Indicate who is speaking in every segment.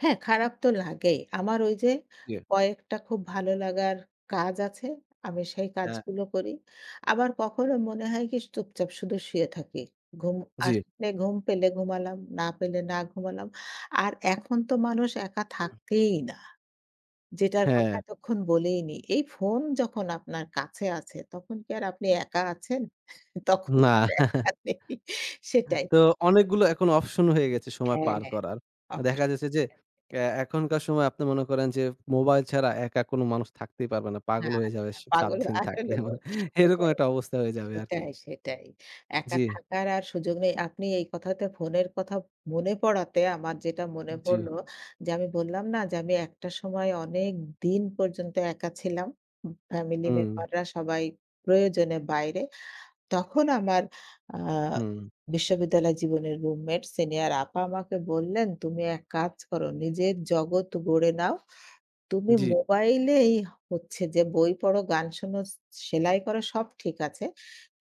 Speaker 1: হ্যাঁ, খারাপ তো লাগেই। আমার ওই যে
Speaker 2: জ্বী।
Speaker 1: কয়েকটা খুব ভালো লাগার কাজ আছে, আমি সেই
Speaker 2: হ্যাঁ।
Speaker 1: কাজগুলো করি। আবার কখনো মনে হয় কি চুপচাপ শুধু শুয়ে থাকি। ঘুম
Speaker 2: জ্বী।
Speaker 1: আসলে ঘুম পেলে ঘুমালাম, না পেলে না ঘুমালাম। আর এখন তো মানুষ একা থাকেই না। যেটার কথা
Speaker 2: হ্যাঁ।
Speaker 1: এতক্ষণ বলেই নি। এই ফোন যখন আপনার কাছে আছে, তখন কি আর আপনি একা আছেন? তখন
Speaker 2: না।
Speaker 1: আর একা নেই সেটাই।
Speaker 2: তো
Speaker 1: [unintelligible]
Speaker 2: অনেকগুলো এখন অপশন হয়ে গেছে, সময়
Speaker 1: হ্যাঁ,
Speaker 2: পার
Speaker 1: হ্যাঁ।
Speaker 2: করার। দেখা যাচ্ছে যে,
Speaker 1: [unintelligible]
Speaker 2: অ্যা এখনকার সময় আপনি মনে করেন যে মোবাইল ছাড়া একা, কোন মানুষ থাকতেই পারবে না। পাগল
Speaker 1: হ্যাঁ,
Speaker 2: হয়ে যাবে
Speaker 1: হ্যাঁ,
Speaker 2: সে ৭
Speaker 1: পাগল
Speaker 2: দিন
Speaker 1: আসলে
Speaker 2: থাকলে। মানে এরকম
Speaker 1: [unintelligible]
Speaker 2: একটা অবস্থা হয়ে যাবে আরকি।
Speaker 1: সেটাই, সেটাই। একা
Speaker 2: জ্বী।
Speaker 1: থাকার আর সুযোগ নেই। আপনি এই কথাতে ফোনের কথা মনে পড়াতে, আমার যেটা মনে
Speaker 2: জ্বী।
Speaker 1: পড়ল যে, আমি বললাম না যে, আমি একটা সময় অনেক দিন পর্যন্ত একা ছিলাম? উ ফ্যামিলি
Speaker 2: হুম।
Speaker 1: মেম্বাররা সবাই প্রয়োজনে বাইরে। তখন আমার আ
Speaker 2: হুম।
Speaker 1: বিশ্ববিদ্যালয় জীবনের রুমমেট, সিনিয়র আপা আমাকে বললেন, "তুমি এক কাজ করো, নিজের জগৎ গড়ে নাও। তুমি
Speaker 2: জ্বী।
Speaker 1: মোবাইলেই হচ্ছে যে বই পড়ো, গান শুনো, সে সেলাই করো, সব ঠিক আছে।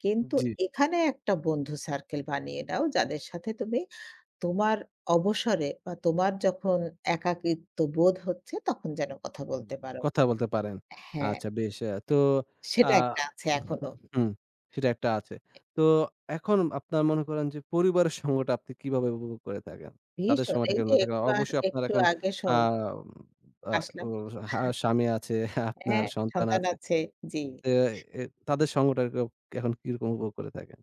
Speaker 1: কিন্তু
Speaker 2: জ্বী।
Speaker 1: এখানে একটা বন্ধু সার্কেল বানিয়ে নাও, যাদের সাথে তুমি তোমার অবসরে বা তোমার যখন একাকিত্ব বোধ হচ্ছে, তখন যেন কথা
Speaker 2: হুম,
Speaker 1: বলতে পারো।"
Speaker 2: কথা বলতে পারেন।
Speaker 1: হ্যাঁ।
Speaker 2: আচ্ছা, বেশ! অ্যাঁ তো আ
Speaker 1: সেটা ১ টা আছে
Speaker 2: উহু
Speaker 1: এখনও।
Speaker 2: হুম, সেটা একটা আছে।
Speaker 1: [unintelligible]
Speaker 2: তো এখন আপনার মনে করেন যে, পরিবারের সময়টা আপনি কিভাবে উপভোগ করে থাকেন? তাদের
Speaker 1: ভীষণ।
Speaker 2: সময়টা
Speaker 1: এই
Speaker 2: কে
Speaker 1: যে
Speaker 2: [unintelligible] থাকে?
Speaker 1: একটু আ
Speaker 2: অবশ্যই আপনার
Speaker 1: একটু
Speaker 2: এখন
Speaker 1: আগে সব
Speaker 2: আম আ ও
Speaker 1: আসলাম।
Speaker 2: হা স্বামী আছে, আপনার
Speaker 1: হ্যাঁ,
Speaker 2: সন্তান
Speaker 1: সন্তান
Speaker 2: আছে
Speaker 1: আছে। জ্বী।
Speaker 2: তে এ তাদের সঙ্গটাকে এখন কিরকম উপভোগ করে থাকেন?